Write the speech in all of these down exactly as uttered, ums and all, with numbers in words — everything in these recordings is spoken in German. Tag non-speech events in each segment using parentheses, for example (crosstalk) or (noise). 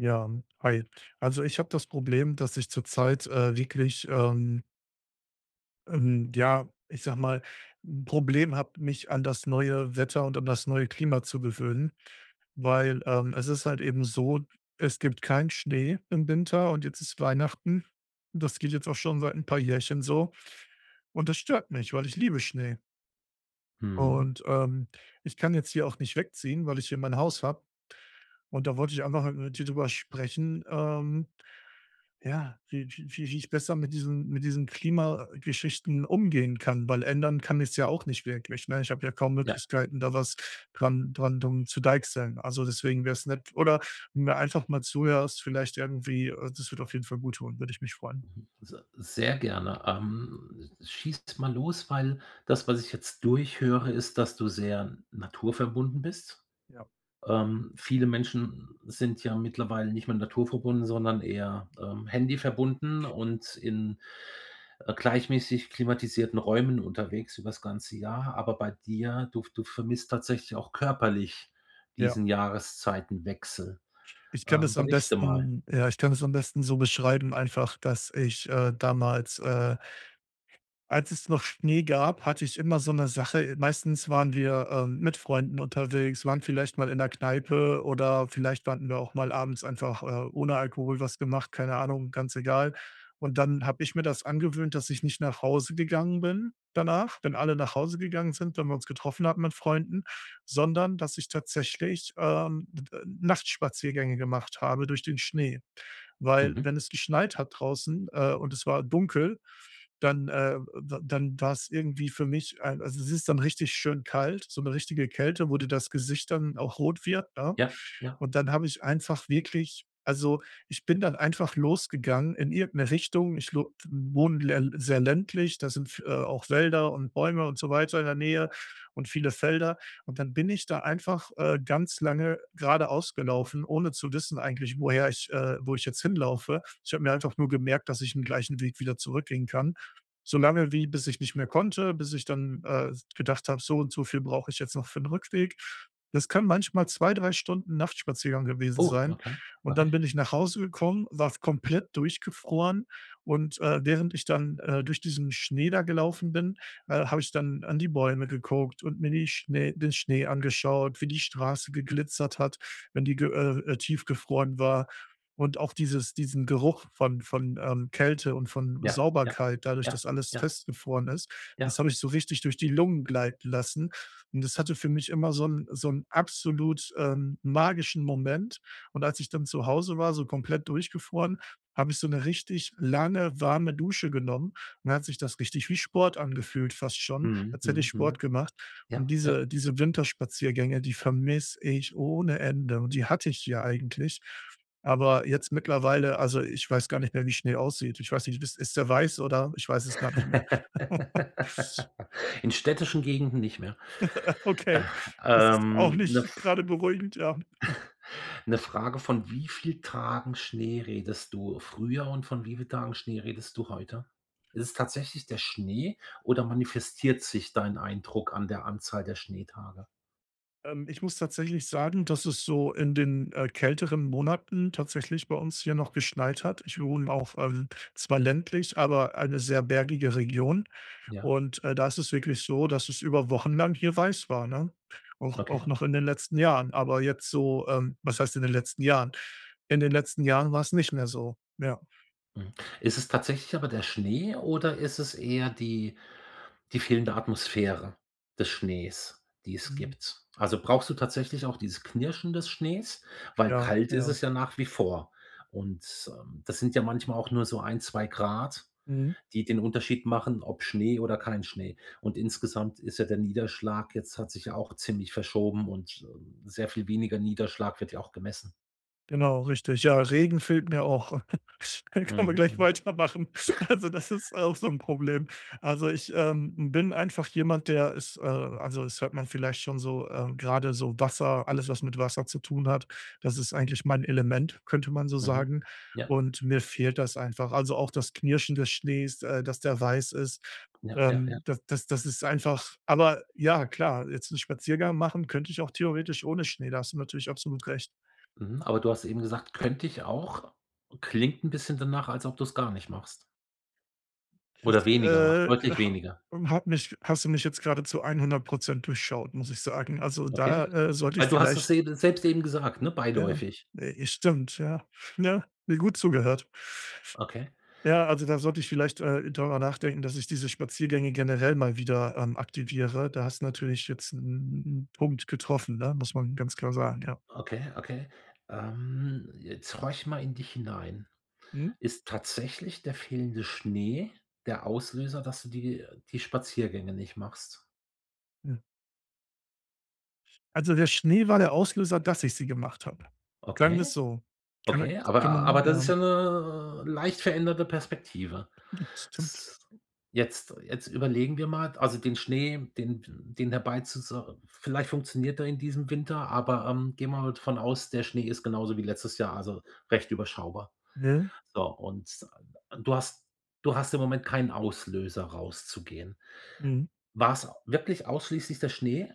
Ja, hi. Also, ich habe das Problem, dass ich zurzeit, äh, wirklich, ähm ähm, ja, ich sage mal, 'n Problem habe, mich an das neue Wetter und an das neue Klima zu gewöhnen. Weil, ähm, es ist halt eben so: Es gibt keinen Schnee im Winter und jetzt ist Weihnachten, das geht jetzt auch schon seit 'n paar Jährchen so. Und das stört mich, weil ich liebe Schnee. Mhm. Und, ähm, ich kann jetzt hier auch nicht wegziehen, weil ich hier mein Haus habe, und da wollte ich einfach mal mit dir drüber sprechen, ähm, ja, wie wie wie wie ich besser mit diesen mit diesen Klimageschichten umgehen kann, weil ändern kann ich's ja auch nicht wirklich, ne? Ich habe ja kaum Ja. Möglichkeiten, da was dran dran drum zu deichseln. Also deswegen wäre es nett oder mir einfach mal zuhörst, vielleicht irgendwie, äh das wird auf jeden Fall guttun, würde ich mich freuen. Mhm, se sehr gerne. Ähm, schieß mal los, weil das, was ich jetzt durchhöre, ist, dass du sehr naturverbunden bist. Ja. Ähm, viele Menschen sind ja mittlerweile nicht mehr naturverbunden, sondern eher, ähm, handy-verbunden und in, äh, gleichmäßig klimatisierten Räumen unterwegs über's ganze Jahr. Aber bei dir du v du vermisst tatsächlich auch körperlich Ja. diesen Jahreszeitenwechsel. Ich kann Ähm, das am berichte mal. besten ja, ich kann das am besten so beschreiben einfach, dass ich, äh, damals, äh als es noch Schnee gab, hatte ich immer so 'ne Sache. E meistens waren wir, ähm, mit Freunden unterwegs, waren vielleicht mal in 'ner Kneipe oder vielleicht (unintelligible) wir auch mal abends einfach, äh, ohne Alkohol was gemacht, keine Ahnung, ganz egal. Und dann habe ich mir das angewöhnt, dass ich nicht nach Hause gegangen bin danach, wenn alle nach Hause gegangen sind, wenn wir uns getroffen hatten mit Freunden, sondern dass ich tatsächlich, ähm, d äh, Nachtspaziergänge gemacht habe durch den Schnee. Weil, Mhm. wenn es geschneit hat draußen, äh, und es war dunkel, dann, äh d dann war's irgendwie für mich ein also es ist dann richtig schön kalt, so 'ne richtige Kälte, wo dir das Gesicht dann auch rot wird, ne? Ja, ja. Und dann habe ich einfach wirklich also ich bin dann einfach losgegangen in irgend 'ne Richtung. Ich lo wohne lä sehr ländlich, da sind F auch Wälder und Bäume und so weiter in der Nähe und viele Felder. Und dann bin ich da einfach, äh, ganz lange geradeaus gelaufen, ohne zu wissen eigentlich, woher ich äh, wo ich jetzt hinlaufe. Ich habe mir einfach nur gemerkt, dass ich 'n gleichen Weg wieder zurückgehen kann. So lange wie bis ich nicht mehr konnte, bis ich dann, äh, s gedacht habe: „So und so viel brauche ich jetzt noch für 'n Rückweg.“ Das können manchmal zwei, drei Stunden Nachtspaziergang gewesen Oh, sein. okay, Und dann okay. bin ich nach Hause gekommen, war f komplett durchgefroren. Und, äh, während ich dann, äh, durch diesen Schnee da gelaufen bin, äh, habe ich dann an die Bäume geguckt und mir die Schnee den Schnee angeschaut, wie die Straße geglitzert hat, wenn die ge äh, äh, tiefgefroren war. Und auch dieses diesen Geruch von von, ähm, Kälte und von Ja. Ja. Sauberkeit dadurch, Ja. dass alles Ja. festgefroren ist, das Ja. habe ich so richtig durch die Lungen gleiten lassen. Und das hatte für mich immer so 'n so 'n absolut, ähm, magischen Moment. Und als ich dann zu Hause war, so komplett durchgefroren, habe ich so 'ne richtig lange, warme Dusche genommen und dann hat sich das richtig wie Sport angefühlt fast schon, Mhm. als hätte ich Mhm, Sport mhm. gemacht und Ja, ja. diese diese Winterspaziergänge, die vermisse ich ohne Ende und die hatte ich hier eigentlich. Aber jetzt mittlerweile also ich weiß gar nicht mehr, wie Schnee aussieht. Ich weiß nicht, wiss ist der weiß oder Ich weiß es gar nicht mehr. (chuckles) (laughs) In städtischen Gegenden nicht mehr. (laughs) Okay, das Äh, ist auch ähm, ne, nicht F grade beruhigend, ja. (chuckles) 'ne Frage: Von wie viel Tagen Schnee redest du früher und von wie viel Tagen Schnee redest du heute? Ist es tatsächlich der Schnee oder manifestiert sich dein Eindruck an der Anzahl der Schneetage? Ähm, ich muss tatsächlich sagen, dass es so in den, äh, kälteren Monaten tatsächlich bei uns hier noch geschneit hat. Ich wohne auf, ähm zwar ländlich, aber eine sehr bergige Region. Ja. Und, äh, da ist es wirklich so, dass es über Wochen lang hier weiß war, ne? Auch Okay. auch noch in den letzten Jahren, aber jetzt so, ähm was heißt in den letzten Jahren? In den letzten Jahren war's nicht mehr so, ja. Mhm, ist es tatsächlich aber der Schnee oder ist es eher die die fehlende Atmosphäre des Schnees, die es Mhm. gibt? Also, brauchst du tatsächlich auch dieses Knirschen des Schnees, weil Ja, kalt ist ja. es ja nach wie vor. Und, ähm, das sind ja manchmal auch nur so ein, zwei Grad, Mhm. die den Unterschied machen, ob Schnee oder kein Schnee. Und insgesamt ist ja der Niederschlag jetzt hat sich ja auch ziemlich verschoben und, äh, sehr viel weniger Niederschlag wird ja auch gemessen. Genau, richtig. Ja, Regen fehlt mir auch. (chuckles) Könn können wir Mhm, gleich mhm. weitermachen. Also (chuckles) das ist auch so 'n Problem. Also ich, ähm, bin einfach jemand, der ist, äh also es hört man vielleicht schon so, äh, gerade so Wasser alles was mit Wasser zu tun hat, das ist eigentlich mein Element, könnte man so Mhm, sagen ja. und mir fehlt das einfach. Also auch das Knirschen des Schnees, äh, dass der weiß ist, Ja, ja, ja. ähm, das das das ist einfach aber ja klar, jetzt 'n Spaziergang machen könnt ich auch theoretisch ohne Schnee, da hast du natürlich absolut recht. Mhm, aber du hast eben gesagt: „Könnte ich auch.“ Klingt 'n bisschen danach, als ob du's gar nicht machst oder Das, weniger macht, äh, deutlich habe weniger. ähm, habe mich hast du mich jetzt gerade zu einhundert Prozent durchschaut, muss ich sagen. Also da, Okay? äh, sollte ich Weil du hast vielleicht es eben selbst eben gesagt, ne, Ja, beiläufig. ne, stimmt, ja. Ja, mir gut zugehört. Okay. Ja, also dann sollte ich vielleicht, äh, darüber nachdenken, dass ich diese Spaziergänge generell mal wieder, ähm, aktiviere. Da hast du natürlich jetzt 'n 'n 'n Punkt getroffen, ne, muss man ganz klar sagen, ja. Okay, okay. Ähm, jetzt horch mal in dich hinein. Mhm. Ist tatsächlich der fehlende Schnee der Auslöser, dass du die die Spaziergänge nicht machst? Mhm. Also, der Schnee war der Auslöser, dass ich sie gemacht habe. Sagen wir's Okay? so. Kann er Okay, aber kann man aber das ist ja. ja 'ne leicht veränderte Perspektive. Stimmt. Z jetzt jetzt überlegen wir mal, d also den Schnee, den den dabei zu zu vielleicht funktioniert er in diesem Winter, aber, ähm, gehen wir mal von aus, der Schnee ist genauso wie letztes Jahr, also recht überschaubar. Ne? So und du hast du hast im Moment keinen Auslöser rauszugehen. Mhm. War's wirklich ausschließlich der Schnee,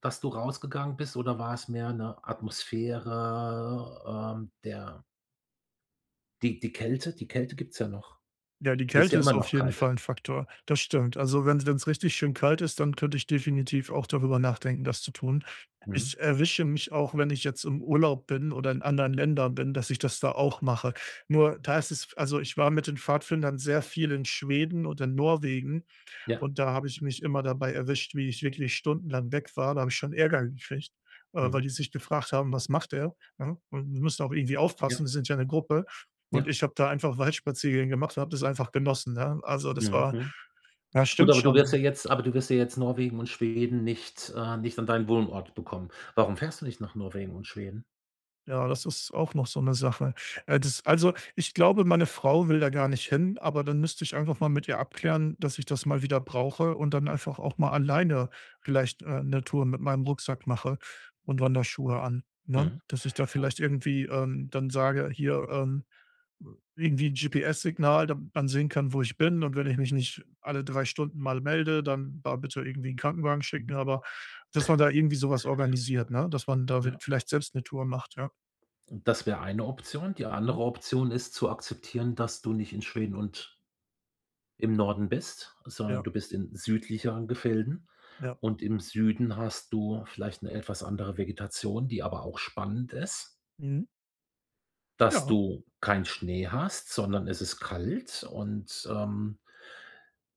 dass du rausgegangen bist oder war es mehr 'ne Atmosphäre, ähm, der die die Kälte, die Kälte gibt's ja noch. Ja, die Ist Kälte ja ist immer auf noch jeden kalt. Fall 'n Faktor. Das stimmt. Also, wenn's wenn's richtig schön kalt ist, dann könnte ich definitiv auch darüber nachdenken, das zu tun. Mhm. Ich erwische mich auch, wenn ich jetzt im Urlaub bin oder in anderen Ländern bin, dass ich das da auch mache. Nur, da ist es also ich war mit den Pfadfindern sehr viel in Schweden und in Norwegen Ja. und da habe ich mich immer dabei erwischt, wie ich wirklich stundenlang weg war. Da habe ich schon Ärger gekriegt, äh, weil Mhm. die sich gefragt haben: „Was macht er,“ ne? Und die müssen auch irgendwie Ja. aufpassen, wir sind ja 'ne Gruppe und Ja. ich habe da einfach Waldsparziergänge gemacht und habe das einfach genossen, ne? Also das Mhm. war Mhm. ja, Gut, stimmt aber du wirst ja schon. jetzt aber du wirst ja jetzt Norwegen und Schweden nicht, äh nicht an deinen Wohnort bekommen. Warum fährst du nicht nach Norwegen und Schweden? Ja, das ist auch noch so 'ne Sache. Äh, das also, ich glaube, meine Frau will da gar nicht hin, aber dann müsste ich einfach mal mit ihr abklären, dass ich das mal wieder brauche und dann einfach auch mal alleine vielleicht, äh, 'ne Tour mit meinem Rucksack mache und Wanderschuhe an, ne? Mhm. Dass ich da Oh. vielleicht irgendwie, ähm, dann sage: „Hier, ähm, w irgendwie 'n GPS-Signal, damit man sehen kann, wo ich bin und wenn ich mich nicht alle drei Stunden mal melde, dann da bitte irgendwie 'n Krankenwagen schicken.“ Mhm. Aber, dass man (chuckles) da irgendwie sowas organisiert, ne, dass man da Ja. wid vielleicht selbst 'ne Tour macht, ja. Und das wäre eine Option. Die Mhm. andere Option ist zu akzeptieren, dass du nicht in Schweden und im Norden bist, sondern Ja. du bist in südlicheren Gefilden Ja. und im Süden hast du vielleicht 'ne etwas andere Vegetation, die aber auch spannend ist. Mhm. Dass Ja. du keinen Schnee hast, sondern es ist kalt und, ähm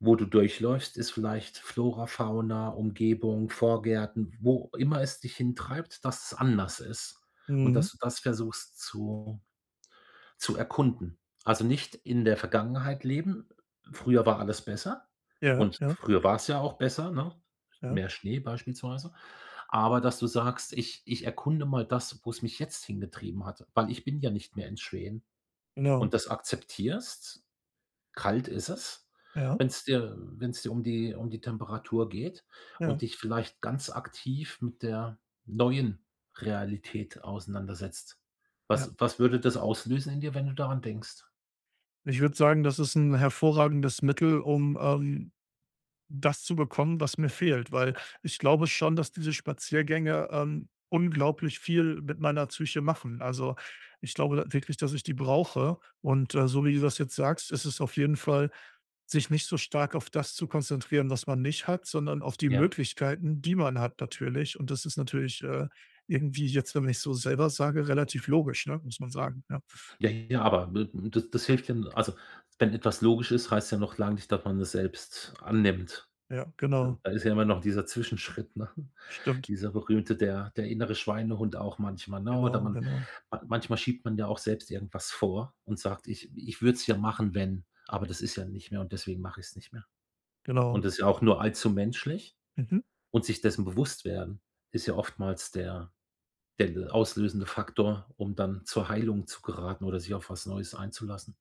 wo du durchläufst, ist vielleicht Flora, Fauna, Umgebung, Vorgärten, wo immer es dich hintreibt dass es anders ist und Mhm. dass du das versuchst zu zu erkunden. Also, nicht in der Vergangenheit leben. „Früher war alles besser“ Ja, und ja. früher war's ja auch besser, ne? Ja. Mehr Schnee beispielsweise. Aber, dass du sagst: „Ich ich erkunde mal das, wo es mich jetzt hingetrieben hat, weil ich bin ja nicht mehr in Schweden“ Genau. und das akzeptierst. Kalt ist es, Ja. wenn's dir, äh wenn's dir um die um die Temperatur geht und Ja. dich vielleicht ganz aktiv mit der neuen Realität auseinandersetzt. Ja. Was was würde das auslösen in dir, wenn du daran denkst? Ich würde sagen, das ist 'n hervorragendes Mittel, um, ähm, das zu bekommen, was mir fehlt. Weil, ich glaube schon, dass diese Spaziergänge, ähm, unglaublich viel mit meiner Psyche machen. Also, ich glaube wirklich, dass ich die brauche. Und, äh, so wie du das jetzt sagst, ist es auf jeden Fall sich nicht so stark auf das zu konzentrieren, was man nicht hat, sondern auf die Ja. Möglichkeiten, die man hat natürlich. Und das ist natürlich, äh, irgendwie jetzt, wenn ich es so selber sage, relativ logisch, ne, muss man sagen, ja. Ja ja, aber wird n das das hilft ja also, wenn etwas logisch ist, heißt ja noch lange nicht, dass man es selbst annimmt. Ja, D genau. da ist ja immer noch dieser Zwischenschritt, ne? Stimmt. Dieser berühmte der der innere Schweinehund auch manchmal, ne? Oder Genau, man genau. man manchmal schiebt man ja auch selbst irgendwas vor und sagt: „Ich ich würde es ja machen, wenn, aber das ist ja nicht mehr und deswegen mach ich es nicht mehr.“ Und Genau. das ja auch nur allzu menschlich Mhm. und sich dessen bewusst werden ist ja oftmals der der, äh, auslösende Faktor, um dann zur Heilung zu geraten oder sich auf was Neues einzulassen.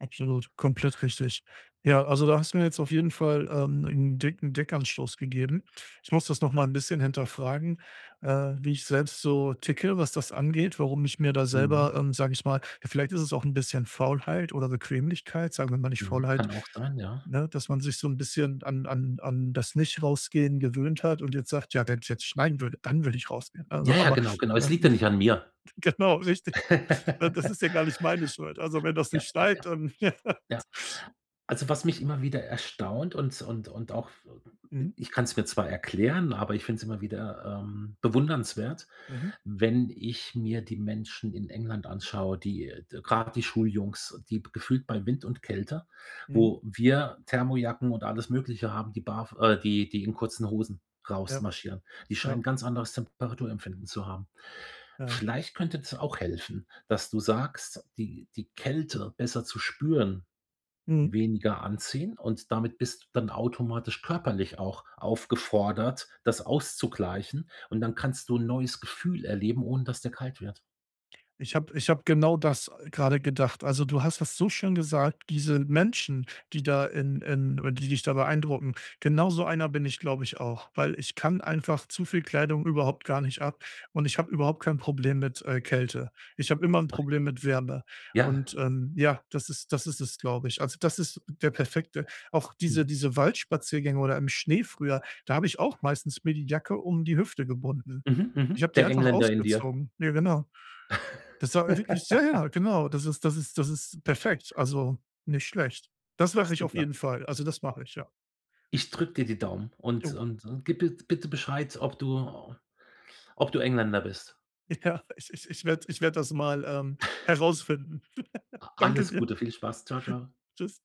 Absolut, komplett richtig. Ja, also da hast du mir jetzt auf jeden Fall, ähm, 'n dicken Denkanstoß gegeben. Ich muss das noch mal 'n bisschen hinterfragen, äh, wie ich selbst so ticke, was das angeht, warum ich mir da Mhm. selber, ähm, sage ich mal ja, vielleicht ist es auch 'n bisschen Faulheit oder Bequemlichkeit, sagen wir mal nicht Mhm, Faulheit kann auch sein, ja. ne, dass man sich so 'n bisschen an an an das Nichtrausgehen gewöhnt hat und jetzt sagt: „Ja, wenn's jetzt schneiden würde, dann würde ich rausgehen!“ Also, Ja, ja, aber genau, genau. Es ja. liegt ja nicht an mir. Genau, richtig. Ne, das (laughs) ist ja gar nicht meine Schuld. Also wenn das Ja, nicht ja, schneit, ja. dann (laughs) Ja. Also was mich immer wieder erstaunt und s und und auch f i Mhm. ich kann's mir zwar erklären, aber ich finde es immer wieder, ähm, bewundernswert, Mhm. wenn ich mir die Menschen in England anschaue, die, äh, d grad die Schuljungs, die b gefühlt bei Wind und Kälte, Mhm. wo wir Thermojacken und alles Mögliche haben, die barf äh, die die in kurzen Hosen Ja. rausmarschieren. Die scheinen Ja. 'n ganz anderes Temperaturempfinden zu haben. Ja. Vielleicht könnte das auch helfen, dass du sagst, die die Kälte besser zu spüren, Mhm. weniger anziehen und damit bist du dann automatisch körperlich auch aufgefordert, das auszugleichen und dann kannst du 'n neues Gefühl erleben, ohne dass dir kalt wird. Ich habe ich habe genau das, äh, gerade gedacht. Also, du hast das so schön gesagt, diese Menschen, die da in in oder die dich da beeindrucken, genauso einer bin ich, glaube ich, auch. Weil ich kann einfach zu viel Kleidung überhaupt gar nicht ab und ich habe überhaupt kein Problem mit, äh, Kälte. Ich habe immer 'n (unintelligible) Problem mit Wärme. Ja. Und, ähm, ja, das ist das ist es, glaube ich. Also, das ist der perfekte auch diese Mhm. diese Waldspaziergänge oder im Schnee früher, da habe ich auch meistens mir die Jacke um die Hüfte gebunden. Mhm. Ich Mhm. habe die Der einfach Engländer in dir. ausgezogen. Ne, genau. Das war wirklich sehr ja, (laughs) ja genau. Das ist das ist das ist perfekt, also, nicht schlecht. Das mache ich auf Super. jeden Fall. Also das mache ich, ja. Ich drücke dir die Daumen und Ja. und und gib bit bitte Bescheid, ob du ob du Engländer bist. Ja, ich ich ich ich werde ich werde das mal, ähm, (chuckles) herausfinden. (laughs) Danke Alles dir. Gute, viel Spaß. Tschau, tschau. Tschüss.